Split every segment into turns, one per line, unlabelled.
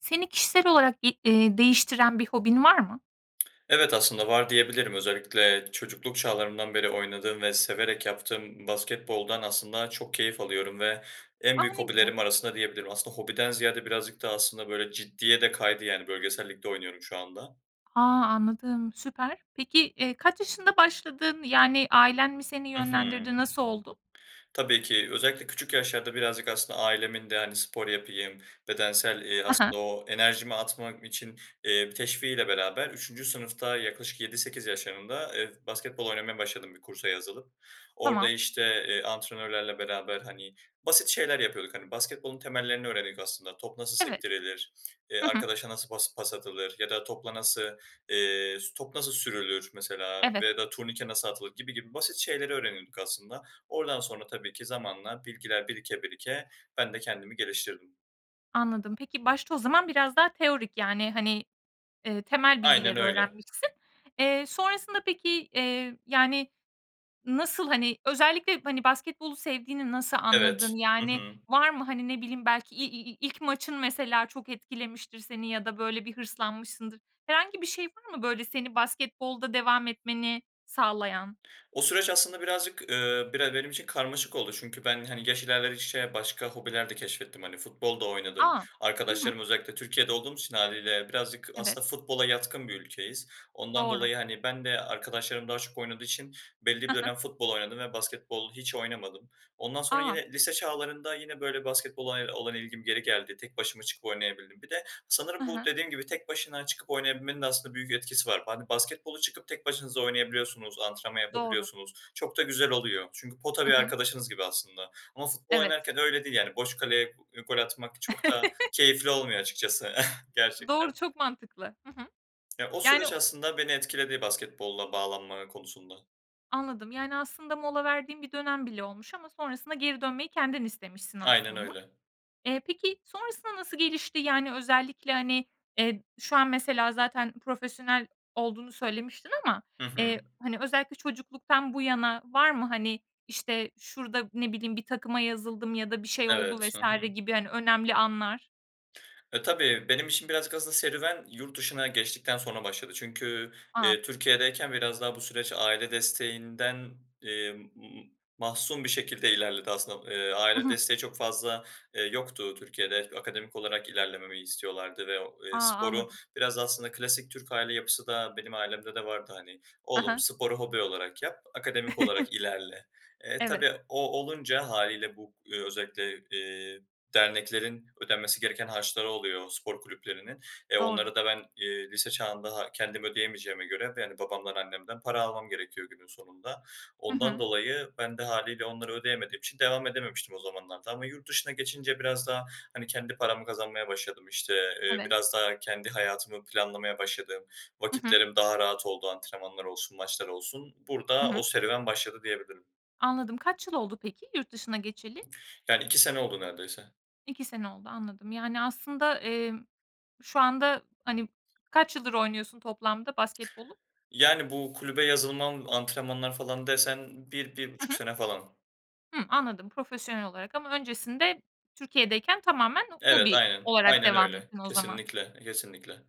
Seni kişisel olarak i eee, değiştiren bir hobin var mı?
Evet, aslında var, diyebilirim. Özellikle çocukluk çağlarımdan beri oynadığım ve severek yaptığım basketboldan aslında çok keyif alıyorum. Ve en
A,
büyük
ne güzel.
hobilerim arasında, diyebilirim. Aslında hobiden ziyade birazcık da aslında, böyle, ciddiye de kaydı. Yani bölgesel ligde oynuyorum şu anda.
A, anladım. Süper. Peki, eee, kaç yaşında başladın? Yani, ailen mi seni
Hı hı.
yönlendirdi? Nasıl oldu?
Tabii ki özellikle küçük yaşlarda birazcık aslında ailemin de, hani, spor yapayım, bedensel, eee,
Ha
asıl
ha.
o enerjimi atmak için, eee, teşviğiyle beraber 3'üncü sınıfta yaklaşık 7-8 yaşlarında, eee, basketbol oynamaya başladım bir kursa yazılıp. Orada,
Tamam.
işte, eee, antrenörlerle beraber, hani, basit şeyler yapıyorduk, hani, basketbolun temellerini öğrendik aslında. Top nasıl
Evet.
sektirilir, eee,
Hı hı.
arkadaşa nasıl pas pas atılır ya da topla nasıl, eee, s top nasıl sürülür mesela
Evet.
ve ya da turnike nasıl atılır gibi gibi basit şeyleri öğrenirdik aslında. Oradan sonra tabii ki zamanla bilgiler birike birike ben de kendimi geliştirdim.
Anladım. Peki, başta o zaman biraz daha teorik, yani, hani, eee, temel
Aynen
bilgileri
öyle.
öğrenmişsin. Eee, sonrasında, peki, eee, yani, nasıl, hani, özellikle, hani, basketbolu sevdiğini nasıl anladın?
Evet. Hı
Yani,
hı.
var mı? Hani, ne bileyim, belki i i ilk maçın mesela çok etkilemiştir seni ya da böyle bir hırslanmışsındır. Herhangi bir şey var mı? Böyle, seni basketbolda devam etmeni sağlayan?
O süreç aslında birazcık, eee, bire benim için karmaşık oldu. Çünkü ben, hani, yaş ilerledikçe başka hobiler de keşfettim hani. Futbol da oynadım.
A. Hı hı.
Arkadaşlarım, özellikle Türkiye'de olduğum için hâliyle birazcık
Evet.
aslında futbola yatkın bir ülkeyiz. Ondan
Doğru.
dolayı, hani, ben de arkadaşlarım daha çok oynadığı için belli bir
Hı hı.
dönem futbol oynadım ve basketbol hiç oynamadım. Ondan sonra
A.
yine lise çağlarında yine, böyle, basketbola, eee, olan ilgim geri geldi. Tek başıma çıkıp oynayabildim. Bir de
Hı
sanırım bu
hı.
dediğim gibi tek başına çıkıp oynayabilmenin de aslında büyük etkisi var. Hani, basketbolu tek başınıza oynayabiliyorsunuz, antrenman yapabiliyorsunuz.
Doğru.
Çok da güzel oluyor çünkü pota bir
Hı hı.
arkadaşınız gibi aslında ama futbol
Evet.
oynarken öyle değil, yani, boş kaleye gol atmak çok da keyifli olmuyor açıkçası
Doğru,
gerçekten.
çok mantıklı. Hı hı.
Ya o
Yani
süreç
o
aslında beni etkiledi basketbola bağlanma konusunda.
Anladım, yani, aslında mola verdiğin bir dönem bile olmuş ama sonrasında geri dönmeyi kendin istemişsin
Aynen
aslında.
öyle.
Eee, peki, sonrasında nasıl gelişti? Yani, özellikle, hani, eee, şu an mesela zaten profesyonel olduğunu söylemiştin ama,
Hı hı.
eee, hani, özellikle çocukluktan bu yana var mı, hani, işte, şurada ne bileyim, bir takıma yazıldım ya da bir şey oldu
Evet. Hı
vs.
hı.
gibi, hani, önemli anlar?
Eee, tabii benim için birazcık aslında serüven yurt dışına geçtikten sonra başladı. Çünkü,
A!
eee, Türkiye'deyken biraz daha bu süreç aile desteğinden, eee, m m mahsun bir şekilde ilerledi. Aslında, eee,
Hı
aile
hı.
desteği çok fazla, eee, yoktu. Türkiye'de akademik olarak ilerlememi istiyorlardı ve o
A!
i sporu
Anladım.
biraz aslında klasik Türk aile yapısı da benim ailemde de vardı, hani,
Hı
"Oğlum
hı.
sporu hobi olarak yap, akademik olarak ilerle." Eee,
Evet.
tabii o olunca hâliyle bu, eee, özellikle, eee, derneklerin ödenmesi gereken harçları oluyor spor kulüplerinin, eee,
Doğru.
onları da ben, eee, lise çağında ha kendim ödeyemeyeceğime göre ve, yani, babamdan, annemden para almam gerekiyor günün sonunda.
Hı
Ondan
hı.
dolayı ben de hâliyle onları ödeyemediğim için devam edememiştim o zamanlarda ama yurt dışına geçince biraz daha, hani, kendi paramı kazanmaya başladım, işte, eee,
Evet.
biraz daha kendi hayatımı planlamaya başladım,
Hı hı.
vakitlerim daha rahat oldu, antrenmanlar olsun, maçlar olsun
Hı
burada
hı.
o serüven başladı, diyebilirim.
Anladım. Kaç yıl oldu, peki, yurt dışına geçeli?
Yani, 2 sene oldu neredeyse.
2 sene oldu, anladım. Yani, aslında, emm, şu anda, hani, kaç yıldır oynuyorsun toplamda basketbolu?
Yani, bu kulübe yazılmam, antrenmanlar falan desen bir bir
Hı
buçuk
hı.
sene falan.
Hımm, anladım. Profesyonel olarak ama öncesinde Türkiye'deyken tamamen
Evet,
hobi
aynen.
olarak
Aynen
devam
öyle.
ettin o zaman.
Kesinlikle, kesinlikle.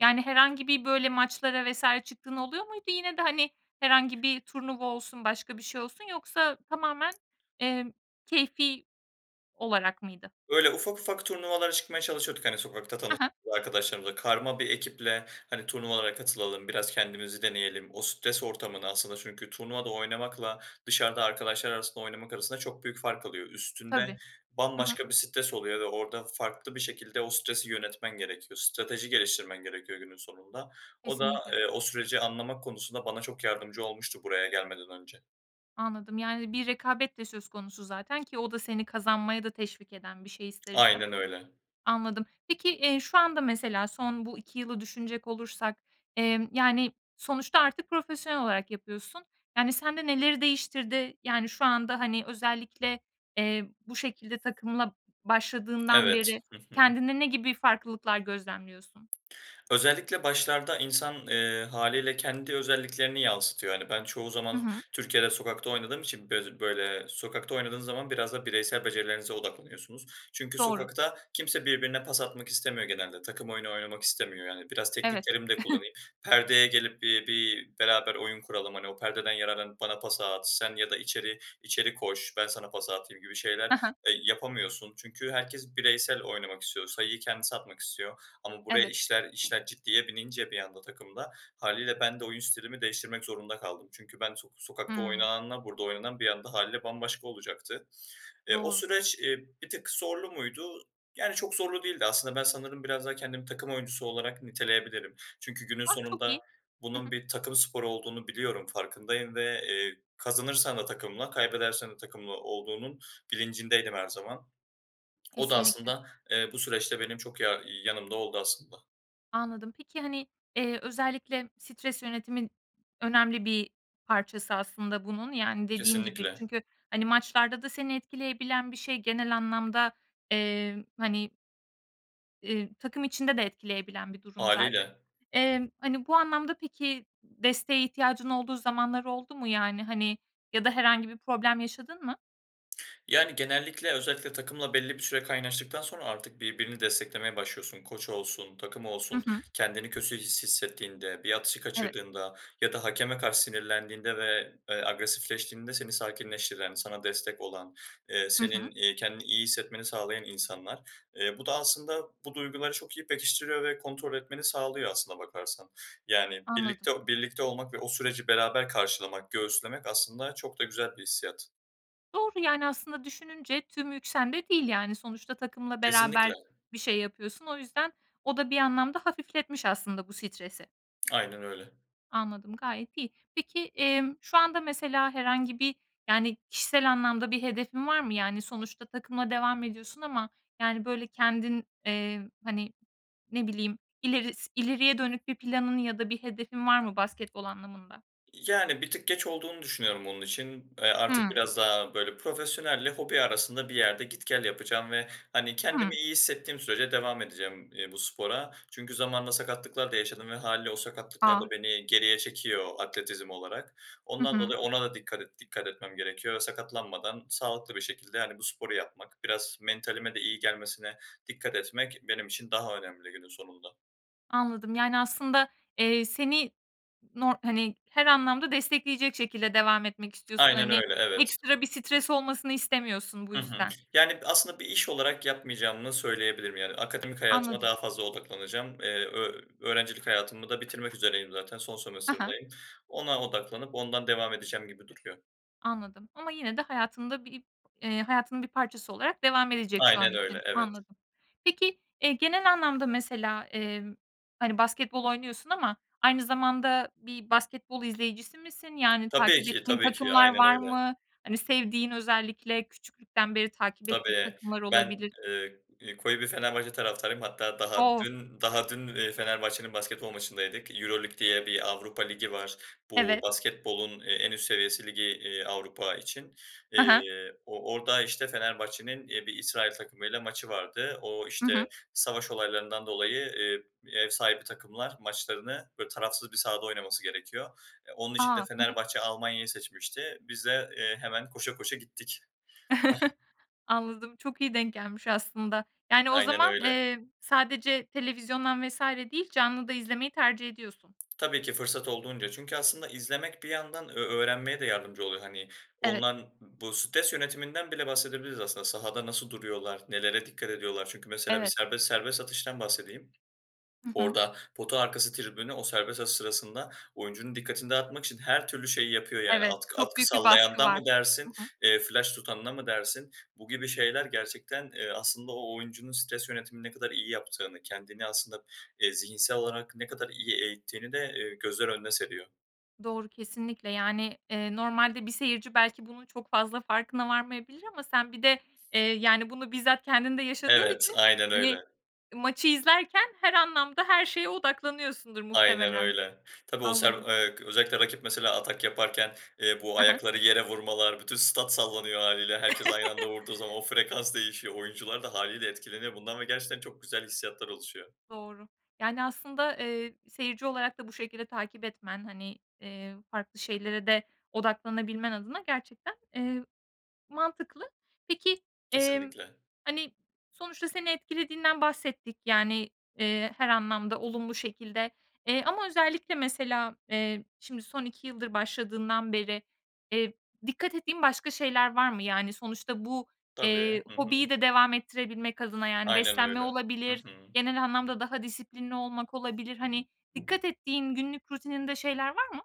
Yani herhangi bir böyle maçlara vs. çıktığın oluyor muydu yine de, hani, herhangi bir turnuva olsun, başka bir şey olsun yoksa tamamen, emm, keyfi olarak mıydı?
Böyle, ufak ufak turnuvalara çıkmaya çalışıyorduk, hani, sokakta
He he.
tanıştığımız arkadaşlarımızla. Karma bir ekiple, hani, "Turnuvalara katılalım, biraz kendimizi deneyelim." O stres ortamını aslında çünkü turnuvada oynamakla dışarıda arkadaşlar arasında oynamak arasında çok büyük fark alıyor.
Tabii.
Üstünde
Hı hı.
bambaşka bir stres oluyor ve orada farklı bir şekilde o stresi yönetmen gerekiyor, strateji geliştirmen gerekiyor günün sonunda. O da,
Kesinlikle.
eee, o süreci anlamak konusunda bana çok yardımcı olmuştu buraya gelmeden önce.
Anladım, yani, bir rekabet de söz konusu zaten ki o da seni kazanmaya da teşvik eden bir şey ister istemez.
Aynen öyle.
Anladım. Peki, eee, şu anda mesela son bu 2 yılı düşünecek olursak, emm, yani sonuçta artık profesyonel olarak yapıyorsun. Yani sende neleri değiştirdi? Yani şu anda, hani, özellikle, eee, bu şekilde takımla başladığından
Evet,
beri
hı hı.
kendinde ne gibi farklılıklar gözlemliyorsun?
Özellikle başlarda insan, eee, hâliyle kendi özelliklerini yansıtıyor. Hani, ben çoğu
Hı
zaman
hı.
Türkiye'de sokakta oynadığım için böz böyle, sokakta oynadığın zaman biraz da bireysel becerilerinize odaklanıyorsunuz. Çünkü
Doğru.
sokakta kimse birbirine pas atmak istemiyor genelde, takım oyunu oynamak istemiyor. Yani "Biraz
Evet.
tekniklerimi de kullanayım, perdeye gelip bi bir beraber oyun kuralım, hani, o perdeden yararlanıp bana pası at sen ya da içeri içeri koş ben sana pası atayım." gibi şeyler,
He he.
eee, yapamıyorsun çünkü herkes bireysel oynamak istiyor, sayıyı kendisi atmak istiyor. Ama buraya
Evet.
işler işler ciddiye binince bir anda takımda hâliyle ben de oyun stilimi değiştirmek zorunda kaldım. Çünkü ben sok sokakta
Hımm.
oynananla burada oynanan bir anda hâliyle bambaşka olacaktı. Eee, o
Doğru.
süreç, ııı, bir tık zorlu muydu, yani, çok zorlu değildi. Aslında ben sanırım biraz daha kendim takım oyuncusu olarak niteleyebilirim. Çünkü günün
Ah, çok
sonunda
iyi. Hı
bunun
hı.
bir takım sporu olduğunu biliyorum, farkındayım ve, eee, kazanırsan da takımla, kaybedersen de takımla olduğunun bilincindeydim her zaman. O da
Kesinlikle.
aslında, eee, bu süreçte benim çok yar yanımda oldu aslında.
Anladım. Peki, hani, eee, özellikle stres yönetimin önemli bir parçası aslında bunun. Yani, dediğin gibi.
Kesinlikle.
Çünkü, hani, maçlarda da seni etkileyebilen bir şey. Genel anlamda, eee, hani, ııı, takım içinde de etkileyebilen bir durum zaten.
Hâliyle.
Eee, hani, bu anlamda, peki, desteğe ihtiyacın olduğu zamanlar oldu mu yani? Hani, ya da herhangi bir problem yaşadın mı?
Yani, genellikle, özellikle takımla belli bir süre kaynaştıktan sonra artık birbirini desteklemeye başlıyorsun. Koç olsun, takım
Hı
olsun,
hı.
kendini kötü his hissettiğinde, bir atışı
Evet.
kaçırdığında ya da hakeme karşı sinirlendiğinde ve, eee, agresifleştiğinde seni sakinleştiren, sana destek olan, eee,
Hı hı.
senin, eee, kendini iyi hissetmeni sağlayan insanlar. Eee, bu da aslında bu duyguları çok iyi pekiştiriyor ve kontrol etmeni sağlıyor aslına bakarsan. Yani
Anladım.
birlikte o birlikte olmak ve o süreci beraber karşılamak, göğüslemek aslında çok da güzel bir hissiyat.
Doğru, yani, aslında düşününce tüm yük sende değil yani. Sonuçta takımla
Kesinlikle.
beraber bir şey yapıyorsun. O yüzden o da bir anlamda hafifletmiş aslında bu stresi.
Aynen öyle.
Anladım, gayet iyi. Peki, emm, şu anda mesela herhangi bir, yani, kişisel anlamda bir hedefin var mı? Yani, sonuçta takımla devam ediyorsun ama, yani, böyle, kendin, eee, hani, ne bileyim, ileris ileriye dönük bir planın ya da bir hedefin var mı basketbol anlamında?
İii, yani, bir tık geç olduğunu düşünüyorum onun için. Eee, artık
Hımm.
biraz daha, böyle, profesyonelle hobi arasında bir yerde git gel yapacağım ve, hani, kendimi
Hımm.
iyi hissettiğim sürece devam edeceğim, eee, bu spora. Çünkü zamanında sakatlıklar da yaşadım ve hâliyle o sakatlıklar da
A.
beni geriye çekiyor atletizm olarak.
Hı
Ondan
hı.
dolayı ona da dikkat et dikkat etmem gerekiyor. Sakatlanmadan sağlıklı bir şekilde, hani, bu sporu yapmak, biraz mentalime de iyi gelmesine dikkat etmek benim için daha önemli günün sonunda.
Anladım. Yani, aslında, eee, seni nor hani, her anlamda destekleyecek şekilde devam etmek istiyorsun.
Aynen
Hani,
öyle, evet.
ekstra bir stres olmasını istemiyorsun bu
Hı hı.
yüzden.
Yani aslında bir iş olarak yapmayacağımı söyleyebilirim. Yani, akademik hayatıma
Anladım.
daha fazla odaklanacağım. Eee, ö öğrencilik hayatımı da bitirmek üzereyim zaten. Son
He he.
sömestiririmdeyim. Ona odaklanıp ondan devam edeceğim gibi duruyor.
Anladım. Ama yine de hayatında bir eee, hayatının bir parçası olarak devam edecek şu an
Aynen öyle,
için.
evet.
Anladım. Peki, eee, genel anlamda mesela, emm, hani, basketbol oynuyorsun ama aynı zamanda bir basketbol izleyicisi misin? Yani
Tabii
takip
ki,
ettiğin
tabii ki,
takımlar
aynen
var
öyle.
mı? Hani, sevdiğin, özellikle küçüklükten beri takip ettiğin
Tabii,
takımlar
ben,
olabilir.
ııı, ııı, koyu bir Fenerbahçe taraftarıyım. Hatta daha
O!
dün daha dün, eee, Fenerbahçe'nin basketbol maçındaydık. EuroLeague diye bir Avrupa Ligi var. Bu
Evet.
basketbolun, eee, en üst seviyesi ligi, iii, Avrupa için.
He he.
Eee, o orada, işte, Fenerbahçe'nin, iii, bir İsrail takımıyla maçı vardı. O,
Hı
işte,
hı.
savaş olaylarından dolayı, eee, ev sahibi takımlar maçlarını, böyle, tarafsız bir sahada oynaması gerekiyor. Eee, onun için de
A! Hı hı.
Fenerbahçe Almanya'yı seçmişti. Biz de, eee, hemen koşa koşa gittik.
Anladım, çok iyi denk gelmiş aslında. Yani, o
Aynen
zaman,
öyle.
eee, sadece televizyondan vs. değil, canlı da izlemeyi tercih ediyorsun.
Tabii ki, fırsat olduğunca çünkü aslında izlemek bir yandan ö öğrenmeye de yardımcı oluyor. Hani,
Evet.
onlar bu stres yönetiminden bile bahsedebiliriz aslında sahada nasıl duruyorlar? Nelere dikkat ediyorlar? Çünkü mesela bir
Evet.
serbest serbest atıştan bahsedeyim.
Hı hı.
Orada pota arkası tribünü, o serbest atış sırasında oyuncunun dikkatini dağıtmak için her türlü şeyi yapıyor yani.
Evet,
Atkı
çok
atkı
büyük bir baskı
sallayandan mı
var.
dersin,
Hı hı.
eee, flaş tutanına mı dersin, bu gibi şeyler gerçekten, eee, aslında o oyuncunun stres yönetimini ne kadar iyi yaptığını, kendini aslında, eee, zihinsel olarak ne kadar iyi eğittiğini de, eee, gözler önüne seriyor.
Doğru, kesinlikle, yani, eee, normalde bir seyirci belki bunun çok fazla farkına varmayabilir ama sen bir de, eee, yani, bunu bizzat kendin de yaşadığın
Evet,
için,
aynen
hani,
öyle.
maçı izlerken her anlamda her şeye odaklanıyorsundur
Aynen
muhtemelen.
öyle. Tabii, o se
Anladım.
eee, özellikle rakip mesela atak yaparken, eee, bu
He he.
ayakları yere vurmalar, bütün stat sallanıyor hâliyle. Herkes aynı anda vurduğu zaman o frekans değişiyor. Oyuncular da hâliyle etkileniyor bundan ve gerçekten çok güzel hissiyatlar oluşuyor.
Doğru, Yani, aslında, eee, seyirci olarak da bu şekilde takip etmen, hani, eee, farklı şeylere de odaklanabilmen adına gerçekten, eee, mantıklı. Peki, emm,
Kesinlikle.
hani, sonuçta seni etkilediğinden bahsettik. Yani, eee, her anlamda olumlu şekilde, eee, ama özellikle mesela, eee, şimdi son 2 yıldır başladığından beri, eee, dikkat ettiğin başka şeyler var mı? Yani, sonuçta bu,
Tabii,
eee,
hı hı.
hobiyi de devam ettirebilmek adına yani
Aynen
beslenme
öyle, hı
olabilir,
hı.
genel anlamda daha disiplinli olmak olabilir. Hani, dikkat ettiğin günlük rutininde şeyler var mı?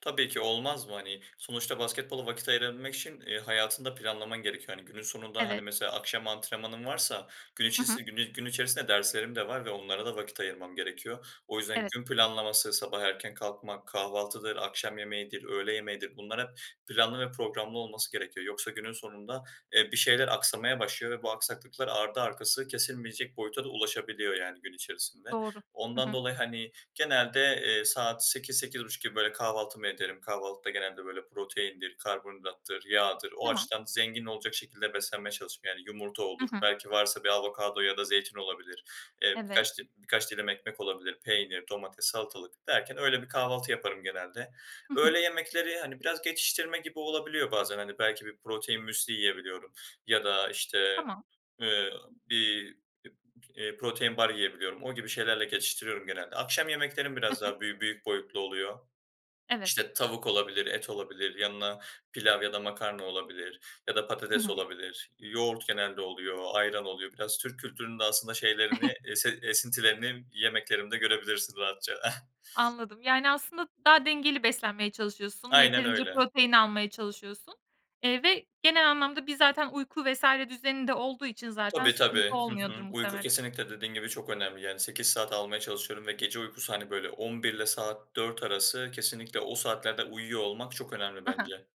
Tabii ki, olmaz mı hani? Sonuçta basketbola vakit ayırabilmek için, eee, hayatını da planlaman gerekiyor. Hani, günün sonunda, hani,
Evet.
mesela akşam antrenmanın varsa gün
Hı hı.
içisi gün gün içerisinde derslerim de var ve onlara da vakit ayırmam gerekiyor. O yüzden
Evet.
gün planlaması sabah erken kalkmak, kahvaltıdır, akşam yemeğidir, öğle yemeğidir. Bunlar hep planlı ve programlı olması gerekiyor. Yoksa günün sonunda, eee, bir şeyler aksamaya başlıyor ve bu aksaklıklar ardı arkası kesilmeyecek boyuta da ulaşabiliyor, yani, gün içerisinde.
Doğru. Hı
Ondan
hı.
dolayı, hani, genelde, eee, saat 8.00-8.30 gibi, böyle, kahvaltımı ederim. Kahvaltıda genelde, böyle, proteindir, karbonhidrattır, yağdır, o
Tamam.
açıdan zengin olacak şekilde beslenmeye çalışırım. Yani yumurta
Hı
olur,
hı.
belki varsa bir avokado ya da zeytin olabilir, eee
Evet.
birkaç dil birkaç dilim ekmek olabilir. Peynir, domates, salatalık derken öyle bir kahvaltı yaparım genelde.
Hı hı.
Öğle yemekleri, hani, biraz geçiştirme gibi olabiliyor bazen, hani, belki bir protein müsli yiyebiliyorum ya da, işte,
Tamam.
ııı, bir p eee, protein bar yiyebiliyorum. O gibi şeylerle geçiştiriyorum genelde. Akşam yemeklerim
Hı
biraz
hı.
daha büy büyük boyutlu oluyor.
Evet.
İşte, tavuk olabilir, et olabilir, yanına pilav ya da makarna olabilir ya da
Hı
patates
hı.
olabilir. Yoğurt genelde oluyor, ayran oluyor. Biraz Türk kültürünün de aslında şeylerini esin esintilerini yemeklerimde görebilirsin rahatça.
Anladım, yani, aslında daha dengeli beslenmeye çalışıyorsun,
Aynen
yeterince
öyle.
protein almaya çalışıyorsun. Eee, ve genel anlamda bir zaten uyku vs. düzeni de olduğu için zaten
Tabii,
sıkıntı
tabii. Hı
olmuyordur
hı. Uyku
muhtemelen.
kesinlikle dediğin gibi çok önemli, yani, 8 saat almaya çalışıyorum ve gece uykusu, hani, böyle, 23.00'le saat 4.00 arası kesinlikle o saatlerde uyuyor olmak çok önemli
Ha ha.
bence.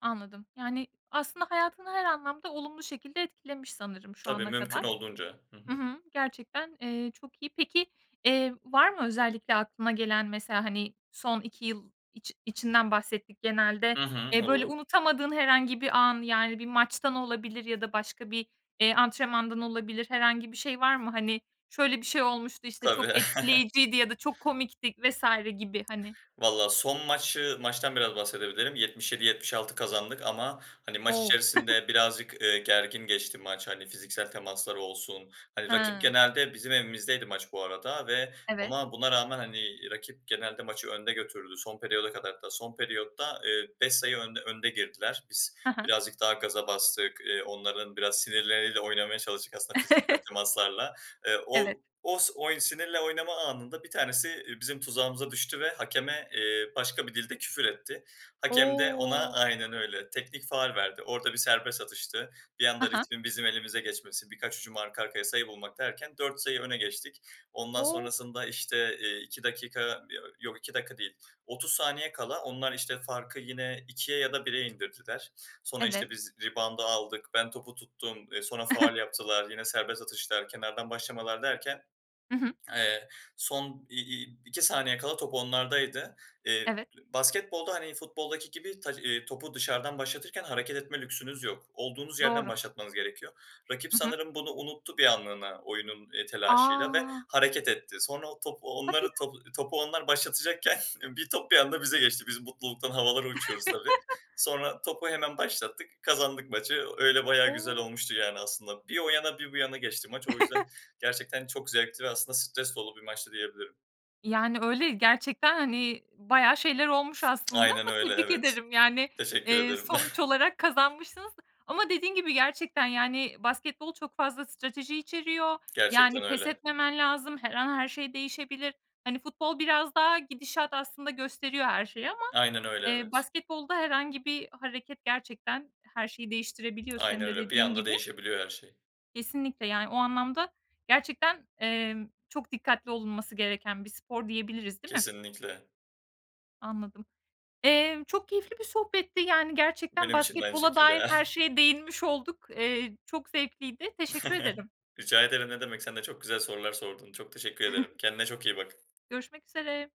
Anladım. Yani aslında hayatını her anlamda olumlu şekilde etkilemiş sanırım şu
Tabii,
ana
mümkün
kadar,
olduğunca. Hı
hı
hı.
hı, gerçekten, eee, çok iyi. Peki, eee, var mı özellikle aklına gelen mesela, hani, son 2 yıl iç içinden bahsettik genelde.
Hı hı.
Eee, böyle
Olur.
unutamadığın herhangi bir an, yani, bir maçtan olabilir ya da başka bir, eee, antrenmandan olabilir herhangi bir şey var mı? Hani, şöyle bir şey olmuştu, işte,
Tabii.
çok etkileyiciydi ya da çok komikti vs. gibi hani.
Valla son maçı maçtan biraz bahsedebilirim. 77-76 kazandık ama, hani, maç
O!
içerisinde birazcık, eee, gergin geçti maç, hani, fiziksel temasları olsun. Hani, rakip
He.
genelde, bizim evimizdeydi maç bu arada ve
Evet.
ama buna rağmen, hani, rakip genelde maçı önde götürdü. Son periyoda kadar hatta. Son periyotta, eee, 5 sayı önde önde girdiler. Biz
He he.
birazcık daha gaza bastık. Eee, onların biraz sinirleriyle oynamaya çalıştık aslında fiziksel temaslarla. Eee,
Evet.
o os oy sinirle oynama anında bir tanesi, eee, bizim tuzağımıza düştü ve hakeme, eee, başka bir dilde küfür etti. Hakem de ona,
O!
aynen öyle, teknik faul verdi. Orada bir serbest atıştı. Bir
Ha
anda
ha.
ritmin bizim elimize geçmesi, birkaç hücum arka arkaya sayı bulmak derken 4 sayı öne geçtik. Ondan
O!
sonrasında, işte, eee, 2 dakika, yo yok 2 dakika değil, 30 saniye kala onlar, işte, farkı yine 2'ye ya da 1'e indirdiler. Sonra,
Evet.
işte, biz rebound'ı aldık. Ben topu tuttum. Eee, sonra faul yaptılar. Yine serbest atışlar, kenardan başlamalar derken,
Hı hı.
eee, son i i iki saniye kala top onlardaydı. Eee,
Evet.
basketbolda, hani, futboldaki gibi taç, iii, topu dışarıdan başlatırken hareket etme lüksünüz yok. Olduğunuz yerden
Doğru.
başlatmanız gerekiyor. Rakip
Hı hı.
sanırım bunu unuttu bir anlığına oyunun, eee, telaşıyla ve
A!
hareket etti. Sonra o top
Hadi
onlar
ya.
topu topu onlar başlatacakken bir top bir anda bize geçti. Biz mutluluktan havalara uçuyoruz tabii. Sonra topu hemen başlattık. Kazandık maçı. Öyle, bayağı güzel
O!
olmuştu yani aslında. Bir o yana bir bu yana geçti maç. O yüzden gerçekten çok zevkli ve aslında stres dolu bir maçtı, diyebilirim.
Yani, öyle, gerçekten, hani, bayağı şeyler olmuş aslında
Aynen
ama
öyle,
tebrik
evet.
ederim. Yani,
Teşekkür
eee,
ederim.
sonuç olarak kazanmışsınız. Ama dediğin gibi gerçekten, yani, basketbol çok fazla strateji içeriyor. Yani,
Gerçekten
pes
öyle.
etmemen lazım. Her an her şey değişebilir. Hani, futbol biraz daha gidişat aslında gösteriyor her şeyi ama,
Aynen öyle,
eee,
evet.
basketbolda herhangi bir hareket gerçekten her şeyi değiştirebiliyor
Aynen
senin de
öyle, bir
dediğin
anda
gibi.
değişebiliyor her şey.
Kesinlikle, yani, o anlamda gerçekten, emm, çok dikkatli olunması gereken bir spor diyebiliriz, değil mi?
Kesinlikle.
Anladım. Emm, çok keyifli bir sohbetti. Yani, gerçekten
Benim için de aynı
basketbola dair
şekilde.
her şeye değinmiş olduk. Eee, çok zevkliydi, teşekkür ederim.
Rica ederim, ne demek. Sen de çok güzel sorular sordun. Çok teşekkür ederim. Kendine çok iyi bak.
Görüşmek üzere.